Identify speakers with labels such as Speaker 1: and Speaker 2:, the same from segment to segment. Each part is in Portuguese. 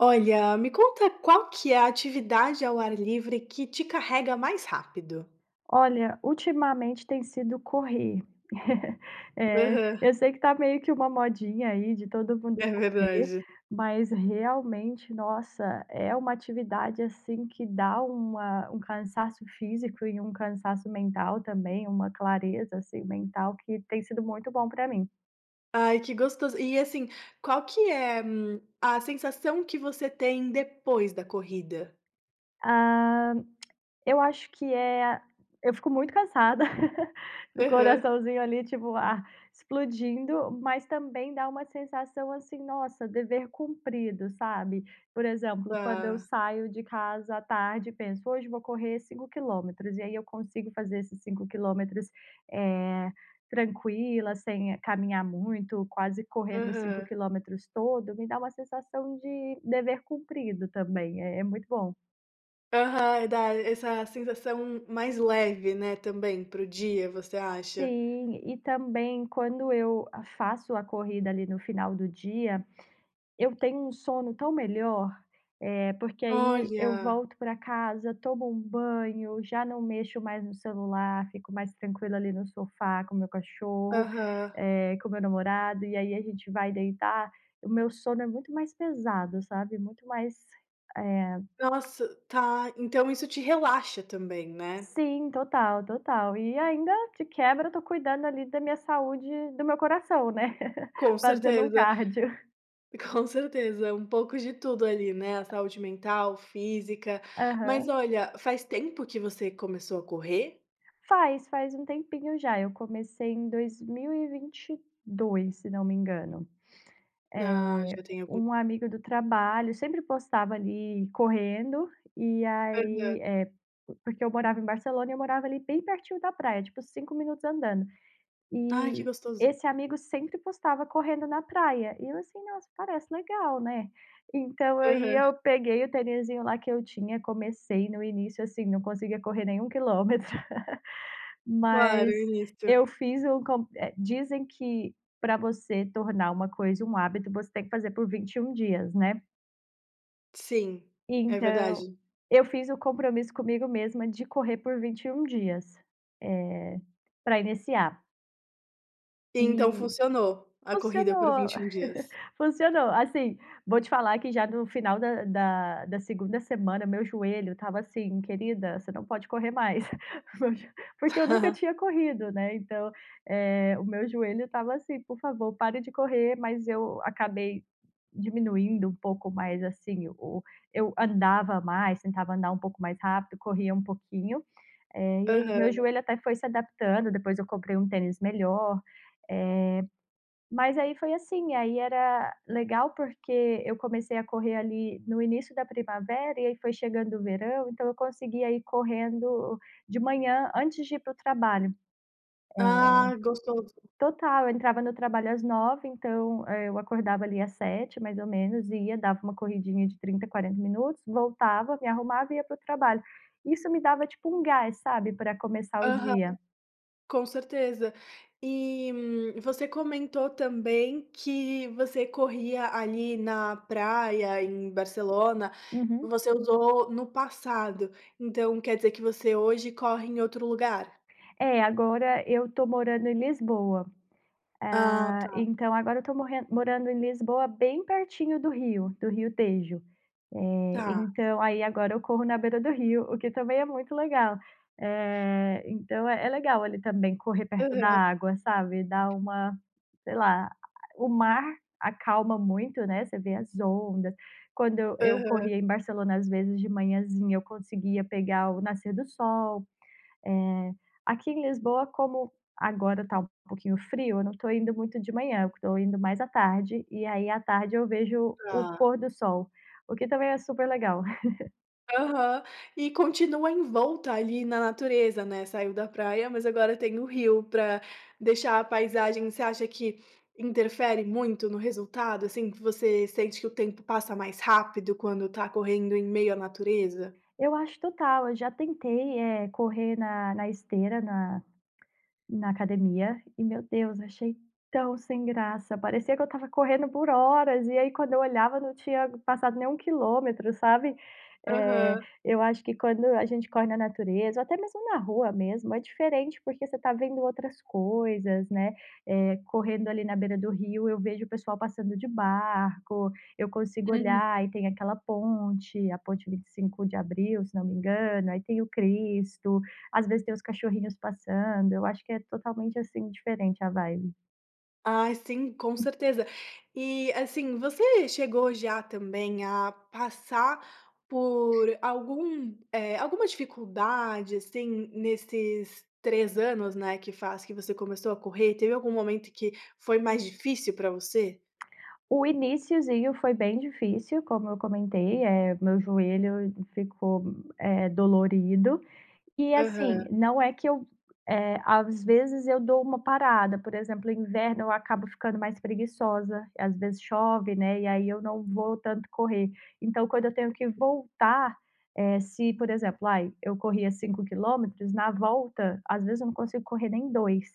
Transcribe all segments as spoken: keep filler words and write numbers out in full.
Speaker 1: Olha, me conta qual que é a atividade ao ar livre que te carrega mais rápido?
Speaker 2: Olha, ultimamente, tem sido correr. É.
Speaker 1: Aham.
Speaker 2: Eu sei que tá meio que uma modinha aí, de todo mundo
Speaker 1: É
Speaker 2: correr,
Speaker 1: verdade.
Speaker 2: mas realmente, nossa, é uma atividade, assim, que dá uma um cansaço físico e um cansaço mental também, uma clareza, assim, mental que tem sido muito bom pra mim.
Speaker 1: Ai, que gostoso! E, assim, qual que é, hum, a sensação que você tem depois da corrida?
Speaker 2: Ah. Eu acho que é a Eu fico muito cansada do
Speaker 1: Aham.
Speaker 2: coraçãozinho ali, tipo ah, explodindo. Mas também dá uma sensação assim, nossa, dever cumprido, sabe? Por exemplo, quando eu
Speaker 1: Tá.
Speaker 2: saio de casa à tarde e penso: "Hoje vou correr cinco quilômetros". E aí eu consigo fazer esses cinco quilômetros, eh, tranquila, sem caminhar muito, quase correndo cinco
Speaker 1: Aham.
Speaker 2: quilômetros todo, me dá uma sensação de dever cumprido também. É é muito bom.
Speaker 1: Aham. Eh, dá essa sensação mais leve, né, também pro dia você acha?
Speaker 2: Sim. E também, quando eu a faço a corrida ali, no final do dia, eu tenho um sono tão melhor, eh, porque aí eu
Speaker 1: Olha!
Speaker 2: volto pra casa, tomo um banho, já não mexo mais no celular, fico mais tranquila ali, no sofá com meu cachorro,
Speaker 1: Aham.
Speaker 2: eh, com o meu namorado. E aí a gente vai deitar. O meu sono é muito mais pesado, sabe, muito mais, eh
Speaker 1: Nossa, tá então isso te relaxa também, né?
Speaker 2: Sim, total, total. E ainda, de quebra, eu estou cuidando ali, da minha saúde do meu coração, né.
Speaker 1: Com
Speaker 2: Fazendo um
Speaker 1: certeza
Speaker 2: cárdio.
Speaker 1: com certeza. É um pouco de tudo ali, né, a saúde mental, física. Mas,
Speaker 2: Aham.
Speaker 1: olha, faz tempo que você começou a correr?
Speaker 2: Faz, faz um tempinho já. Eu comecei em dois mil e vinte dois, se não me engano.
Speaker 1: Ah,
Speaker 2: Eh,
Speaker 1: já tem algum
Speaker 2: um amigo do trabalho sempre postava, ali, correndo. E
Speaker 1: Aham.
Speaker 2: aí eh, po porque eu morava em Barcelona e eu morava ali, bem pertinho da praia, tipo cinco minutos andando.
Speaker 1: Ai, que
Speaker 2: E
Speaker 1: gostoso.
Speaker 2: esse amigo sempre postava correndo na praia. E eu assim: "Nossa, parece legal", né. Então aí,
Speaker 1: Aham.
Speaker 2: eu peguei o tenisinho lá que eu tinha, comecei. No início, assim, não conseguia correr nem um quilômetro.
Speaker 1: Claro,
Speaker 2: Mas
Speaker 1: início.
Speaker 2: eu fiz um co eh, dizem que pra você tornar uma coisa um hábito, você tem que fazer por vinte e um dias, né.
Speaker 1: Sim. É
Speaker 2: Então,
Speaker 1: verdade.
Speaker 2: eu fiz o compromisso comigo mesma de correr por vinte e um dias. É, pra iniciar.
Speaker 1: Então
Speaker 2: E
Speaker 1: funcionou a corrida por
Speaker 2: funcionou,
Speaker 1: vinte e um dias?
Speaker 2: funcionou. Assim, vou te falar que já no final da da da segunda semana meu joelho estava assim: "Querida, você não pode correr mais". Porque eu nunca tinha corrido, né, então, eh, o meu joelho estava assim: "Por favor, pare de correr". Mas eu acabei diminuindo um pouco mais, assim, o eu andava mais, tentava andar um pouco mais rápido, corria um pouquinho. Eh, e aí meu
Speaker 1: Aham.
Speaker 2: joelho até foi se adaptando. Depois eu comprei um tênis melhor. Eh, mas aí foi assim. Aí era legal porque eu comecei a correr ali no início da primavera, e aí foi chegando o verão, então eu conseguia ir correndo de manhã antes de ir pro trabalho. É.
Speaker 1: Ah, gostoso.
Speaker 2: Total, eu entrava no trabalho às nove então, eh, eu acordava ali às sete mais ou menos, e ia, dava uma corridinha de trinta a quarenta minutos, voltava, me arrumava e ia pro trabalho. Isso me dava, tipo, um gás, sabe, pra começar o
Speaker 1: Aham.
Speaker 2: dia.
Speaker 1: Com certeza. E, hum, você comentou também que você corria ali na praia em Barcelona.
Speaker 2: Uhum.
Speaker 1: Você usou no passado. Então quer dizer que você hoje corre em outro lugar?
Speaker 2: É, agora eu estou morando em Lisboa.
Speaker 1: Ah,
Speaker 2: Ah,
Speaker 1: tá.
Speaker 2: então agora eu estou morren morando em Lisboa bem pertinho do rio, do rio Tejo. Eh,
Speaker 1: Tá.
Speaker 2: então aí agora eu corro na beira do rio, o que também é muito legal. Eh, então é é legal ali também, correr perto da
Speaker 1: Aham.
Speaker 2: água, sabe? Dá uma sei lá, a o mar acalma muito, né, você vê as ondas. Quando eu eu
Speaker 1: Aham.
Speaker 2: corria em Barcelona, às vezes, de manhãzinha eu conseguia pegar o nascer do sol. Eh, aqui em Lisboa, como agora tá um pouquinho frio, eu não tô indo muito de manhã, tô indo mais à tarde. E aí à tarde eu vejo o
Speaker 1: Tá.
Speaker 2: pôr do sol, o que também é super legal.
Speaker 1: Aham. E continua em volta ali na natureza, né. Saiu da praia, mas agora tem o rio pra deixar a paisagem você acha que interfere muito no resultado, assim, que você sente que o tempo passa mais rápido quando tá correndo em meio à natureza?
Speaker 2: Eu acho total. Eu já tentei, eh, correr na na esteira, na na academia. E, meu Deus, achei tão sem graça. Parecia que eu estava correndo por horas e aí quando eu olhava não tinha passado nem um quilômetro, sabe? Eh,
Speaker 1: Aham.
Speaker 2: eu acho que quando a gente corre na natureza ou até mesmo na rua mesmo é diferente, porque você está vendo outras coisas, né. Eh, correndo ali na beira do rio, eu vejo o pessoal passando de barco. Eu consigo
Speaker 1: Uhum.
Speaker 2: olhar e tem aquela ponte, a Ponte 25 de Abril, se não me engano. Aí tem o Cristo, às vezes tem os cachorrinhos passando. Eu acho que é totalmente, assim, diferente a vibe.
Speaker 1: Ai, sim, com
Speaker 2: Hum.
Speaker 1: certeza! E, assim, você chegou já também a passar por algum eh, alguma dificuldade, assim, nesses três anos, né, que faz que você começou a correr, teve algum momento que foi mais difícil pra você?
Speaker 2: O iníciozinho foi bem difícil, como eu comentei. Eh, o meu joelho ficou, eh, dolorido. E assim,
Speaker 1: Aham.
Speaker 2: não é que eu eh, às vezes eu dou uma parada. Por exemplo, o inverno eu acabo ficando mais preguiçosa. Às vezes chove, né, e aí eu não vou tanto correr. Então, quando eu tenho que voltar, eh, se, por exemplo, ai, eu corria cinco quilômetros, na volta, às vezes eu não consigo correr nem dois.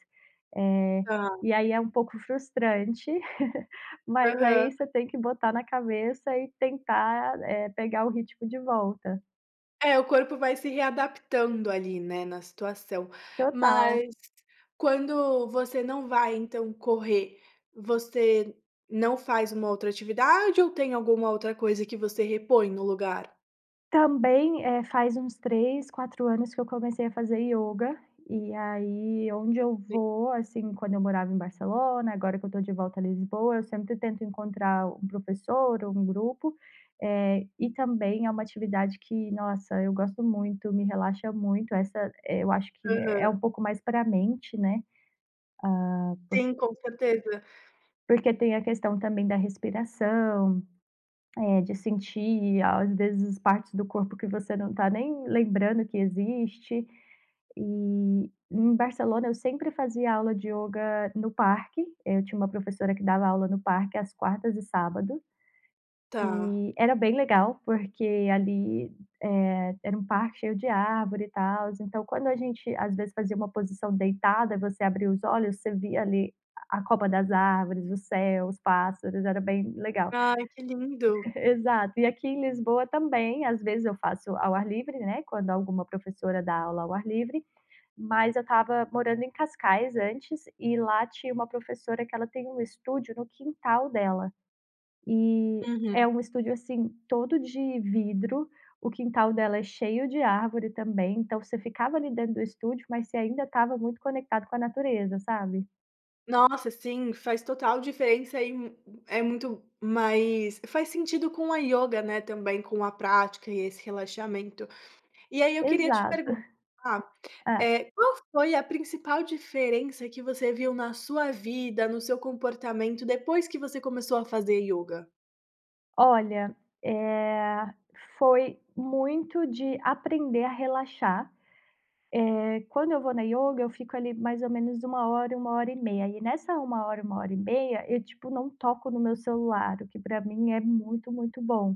Speaker 2: Eh,
Speaker 1: Tá.
Speaker 2: e aí é um pouco frustrante, mas
Speaker 1: Aham.
Speaker 2: aí você tem que botar na cabeça e tentar, eh, pegar o ritmo de volta.
Speaker 1: É, o corpo vai se readaptando ali, né, na situação.
Speaker 2: Total.
Speaker 1: Mas quando você não vai, então, correr, você não faz uma outra atividade ou tem alguma outra coisa que você repõe no lugar?
Speaker 2: Também, eh, faz uns três, quatro anos que eu comecei a fazer yoga. E aí, onde eu
Speaker 1: Sim.
Speaker 2: vou, assim, quando eu morava em Barcelona, agora que eu estou de volta a Lisboa, eu sempre tento encontrar um professor ou um grupo. Eh, e também é uma atividade que, nossa, eu gosto muito, me relaxa muito. Essa, eh, eu acho que é
Speaker 1: Aham.
Speaker 2: pouco mais pra mente, né? Ah, por
Speaker 1: Sim, com certeza.
Speaker 2: porque tem a questão também da respiração, eh, de sentir, às vezes, partes do corpo que você não está nem lembrando que existe. E em Barcelona, eu sempre fazia aula de yoga no parque. Eu tinha uma professora que dava aula no parque às quartas e sábado.
Speaker 1: Tá.
Speaker 2: Eh, era bem legal porque ali, eh, era um parque cheio de árvore e tals. Então, quando a gente às vezes fazia uma posição deitada, você abria os olhos, você via ali a a copa das árvores, o céu, os pássaros. Era bem legal.
Speaker 1: Ai, que lindo.
Speaker 2: Exato. E aqui em Lisboa também, às vezes eu faço ao ar livre, né, quando alguma professora dá aula ao ar livre. Mas eu estava morando em Cascais antes e lá tinha uma professora que ela tem um estúdio no quintal dela. Eh,
Speaker 1: Uhum.
Speaker 2: é um estúdio, assim, todo de vidro. O quintal dela é cheio de árvore também, então você ficava ali dentro do estúdio, mas você ainda estava muito conectado com a natureza, sabe?
Speaker 1: Nossa, sim! Faz total diferença e hum, é muito mais faz sentido com a ioga, né, também com a prática e esse relaxamento. E aí, eu queria te
Speaker 2: Exato.
Speaker 1: perguntar,
Speaker 2: É.
Speaker 1: eh, qual foi a principal diferença que você viu na sua vida, no seu comportamento, depois que você começou a fazer ioga?
Speaker 2: Olha, eh, foi muito de aprender a relaxar. Eh, quando eu vou na yoga eu fico ali mais ou menos uma hora, uma hora e meia. E nessa uma uma hora, uma e meia, eu, tipo, não toco no meu celular, o que pra mim é muito, muito bom.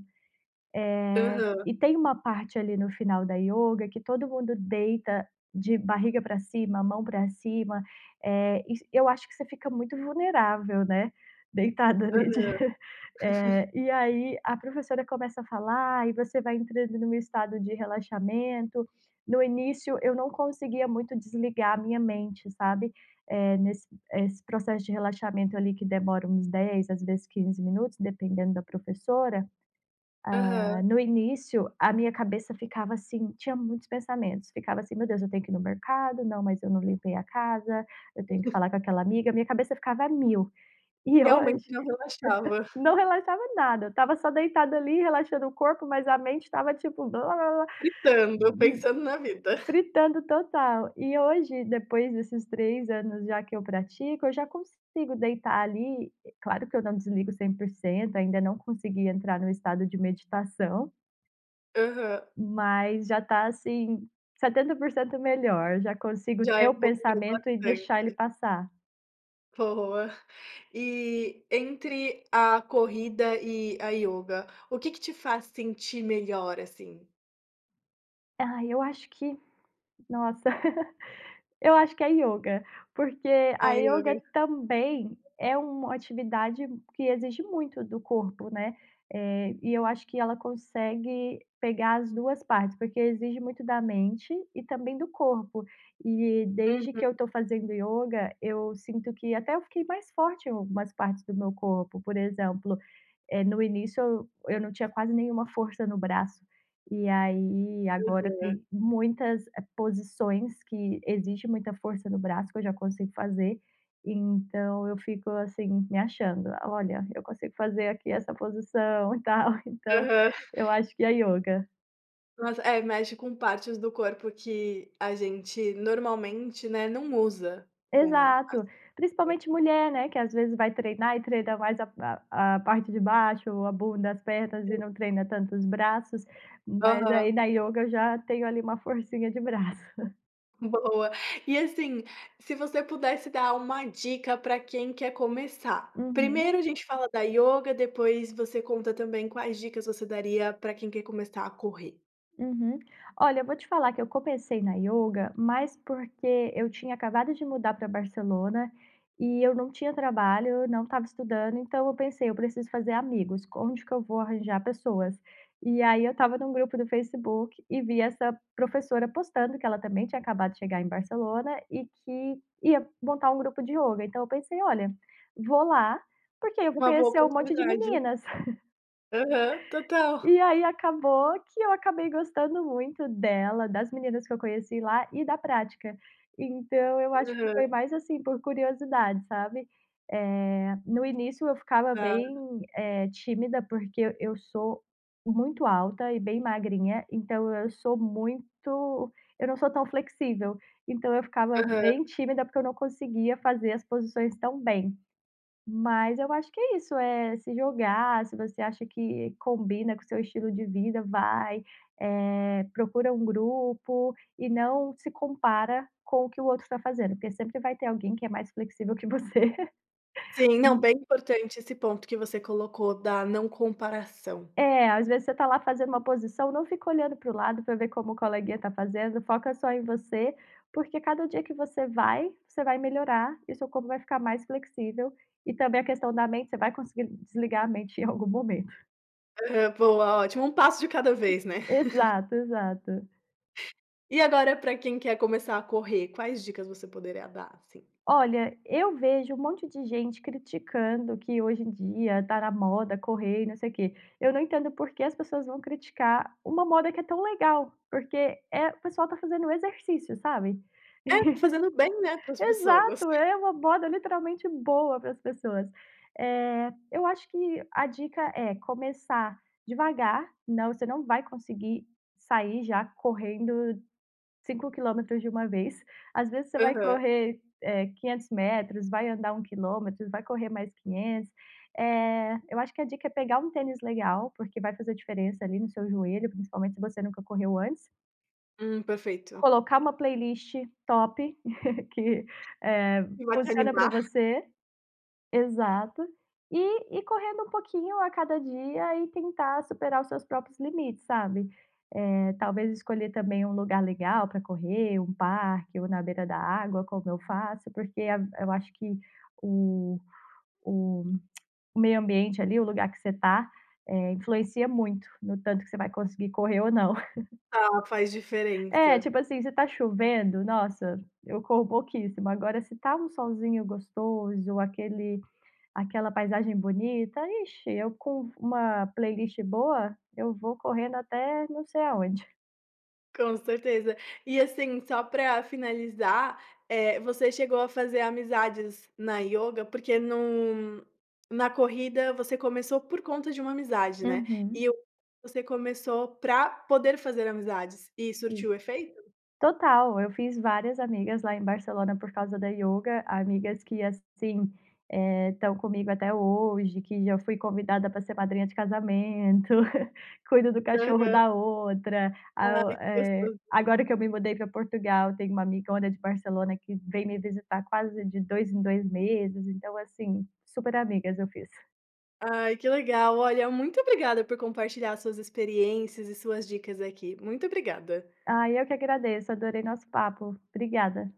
Speaker 1: Aham.
Speaker 2: Eh, e tem uma parte ali no final da yoga que todo mundo deita de barriga pra cima, mão pra cima, eh, isso eu acho que você fica muito vulnerável, né, deitada ali de
Speaker 1: Aham.
Speaker 2: eh, e aí a professora começa a falar, e você vai entrando num estado de relaxamento. No início, eu não conseguia muito desligar a minha mente, sabe, eh, nesse esse processo de relaxamento, ali, que demora uns dez, às vezes quinze minutos, dependendo da professora.
Speaker 1: Aham.
Speaker 2: Ah, no início, a minha cabeça ficava assim, tinha muitos pensamentos, ficava assim: "Meu Deus, eu tenho que ir no mercado. Não, mas eu não limpei a casa. Eu tenho que falar com aquela amiga". Minha cabeça ficava a mil. E
Speaker 1: Realmente,
Speaker 2: hoje
Speaker 1: não relaxava.
Speaker 2: não relaxava nada, estava só deitada ali relaxando o corpo, mas a mente estava tipo
Speaker 1: Fritando, pensando na vida.
Speaker 2: Fritando total. E hoje depois desses três anos já que eu pratico, eu já consigo deitar ali, e claro que eu não desligo cem por cento. Ainda não consegui entrar no estado de meditação.
Speaker 1: Aham.
Speaker 2: Mas já tá, assim, setenta por cento melhor. Eu já consigo
Speaker 1: Já
Speaker 2: ter o
Speaker 1: evoluiu
Speaker 2: pensamento e deixar ele
Speaker 1: bastante.
Speaker 2: passar.
Speaker 1: Boa. E entre a corrida e a yoga, o que que te faz sentir melhor, assim?
Speaker 2: Ai, eu acho que nossa! Eu acho que é a yoga. Porque
Speaker 1: A
Speaker 2: a
Speaker 1: yoga.
Speaker 2: yoga também é uma atividade que exige muito do corpo, né? Eh, e eu acho que ela consegue pegar as duas partes. Porque exige muito da mente e também do corpo. E desde
Speaker 1: Uhum.
Speaker 2: que eu tô fazendo yoga, eu sinto que até eu fiquei mais forte em algumas partes do meu corpo. Por exemplo, eh, no início eu eu não tinha quase nenhuma força no braço. E aí, agora
Speaker 1: Aham.
Speaker 2: tem muitas, eh, posições que exige muita força no braço que eu já consigo fazer. Então eu fico, assim, me achando: "Olha, eu consigo fazer aqui essa posição e tal". Então
Speaker 1: Aham.
Speaker 2: eu acho que é a yoga.
Speaker 1: Mas é, mexe com partes do corpo que a gente normalmente, né, não usa com as
Speaker 2: Exato.
Speaker 1: [unintelligible]
Speaker 2: Principalmente mulher, né, que às vezes vai treinar e treina mais a a a parte de baixo, ou a bunda, as pernas,
Speaker 1: Sim.
Speaker 2: e não treina tanto os braços. Mas
Speaker 1: Aham.
Speaker 2: aí na yoga eu já tenho ali uma forcinha de braço.
Speaker 1: Boa. E, assim, se você pudesse dar uma dica pra quem quer começar. Primeiro
Speaker 2: Uhum.
Speaker 1: a gente fala da yoga depois você conta também quais dicas você daria pra quem quer começar a correr.
Speaker 2: Uhum. Olha, eu vou te falar que eu comecei na yoga mais porque eu tinha acabado de mudar pra Barcelona e eu não tinha trabalho, não estava estudando, então eu pensei: "Eu preciso fazer amigos. Com onde que eu vou arranjar pessoas?". E aí, eu estava num grupo do Facebook e vi essa professora postando que ela também tinha acabado de chegar em Barcelona e que ia montar grupo de ioga. Então eu pensei: "Olha, vou lá, porque aí eu vou
Speaker 1: Uma boa
Speaker 2: conhecer um monte de
Speaker 1: oportunidade.
Speaker 2: meninas".
Speaker 1: Aham. Total.
Speaker 2: E aí, acabou que eu acabei gostando muito dela, das meninas que eu conheci lá e da prática. Então, eu acho que
Speaker 1: Aham.
Speaker 2: foi mais, assim, por curiosidade, sabe. Eh, no início eu ficava
Speaker 1: Tá.
Speaker 2: bem, eh, tímida, porque eu eu sou muito alta e bem magrinha. Então eu sou muito eu não sou tão flexível. Então eu ficava
Speaker 1: Aham.
Speaker 2: bem tímida porque eu não conseguia fazer as posições tão bem. Mas eu acho que é isso, é se jogar, se você acha que combina com o seu estilo de vida, vai. Eh, procura um grupo e não se compara com o que o outro tá fazendo. Porque sempre vai ter alguém que é mais flexível que você.
Speaker 1: Sim. Não,
Speaker 2: Hum
Speaker 1: bem importante esse ponto que você colocou da não comparação.
Speaker 2: É, às vezes, você está lá fazendo uma posição, não fica olhando para o lado pra ver como o colega está fazendo; foca só em você. Porque cada dia que você vai, você vai melhorar e o seu corpo vai ficar mais flexível. E também a questão da mente, você vai conseguir desligar a mente em algum momento.
Speaker 1: Aham, boa, ótimo. Um passo de cada vez, né?
Speaker 2: Exato, exato.
Speaker 1: E agora pra quem quer começar a correr, quais dicas você poderia dar, assim?
Speaker 2: Olha, eu vejo um monte de gente criticando que hoje em dia, tá na moda, correr e não sei o quê. Eu não entendo o por que as pessoas vão criticar uma moda que é tão legal. Porque é o pessoal tá fazendo exercício, sabe.
Speaker 1: É, tá fazendo bem, né, para as pessoas.
Speaker 2: Exato! É uma moda, literalmente, boa para as pessoas. Eh, eu acho que a dica é: começar devagar. Não, você não vai conseguir sair já correndo cinco quilômetros de uma vez. Às vezes, você vai
Speaker 1: Aham.
Speaker 2: correr, eh, quinhentos metros, vai andar um quilômetro, vai correr mais quinhentos. Eh, eu acho que a dica é pegar um tênis legal, porque vai fazer diferença ali no seu joelho, principalmente se você nunca correu antes.
Speaker 1: Hum, perfeito.
Speaker 2: Colocar uma playlist top, que, eh,
Speaker 1: Que vai te
Speaker 2: funciona pra
Speaker 1: animar.
Speaker 2: você. Exato. E ir correndo um pouquinho a cada dia e tentar superar os seus próprios limites, sabe. Eh, talvez escolher, também, um lugar legal pra correr, um parque ou na beira da água, como eu faço. Porque av eu acho que o o meio ambiente ali, o lugar que você está, eh, influencia muito no tanto que você vai conseguir correr ou não.
Speaker 1: Ah, faz
Speaker 2: É,
Speaker 1: diferença.
Speaker 2: tipo assim, se tá chovendo, nossa, eu corro pouquíssimo. Agora se tá um solzinho gostoso ou aquele aquela paisagem bonita, ixi, eu com uma playlist boa, eu vou correndo até não sei aonde.
Speaker 1: Com certeza. E, assim, só pra finalizar, eh, você chegou a fazer amizades na yoga? Porque num na corrida você começou por conta de uma amizade, né?
Speaker 2: Uhum.
Speaker 1: E o você começou pra poder fazer amizades. E
Speaker 2: Hum.
Speaker 1: surtiu o efeito?
Speaker 2: Total! Eu fiz várias amigas lá em Barcelona, por causa da yoga. Amigas que, assim, eh, estão comigo até hoje, que já fui convidada pra ser madrinha de casamento, cuido do cachorro
Speaker 1: Aham.
Speaker 2: da outra. A o
Speaker 1: Ai, que
Speaker 2: eh,
Speaker 1: gostoso.
Speaker 2: agora que eu me mudei pra Portugal, tem uma amigona de Barcelona que vem me visitar quase de dois em dois meses. Então assim, super amigas eu fiz.
Speaker 1: Ai que legal. Olha, muito obrigada por compartilhar as suas experiências e suas dicas aqui. Muito obrigada.
Speaker 2: Ai, eu que agradeço. Adorei nosso papo. Obrigada.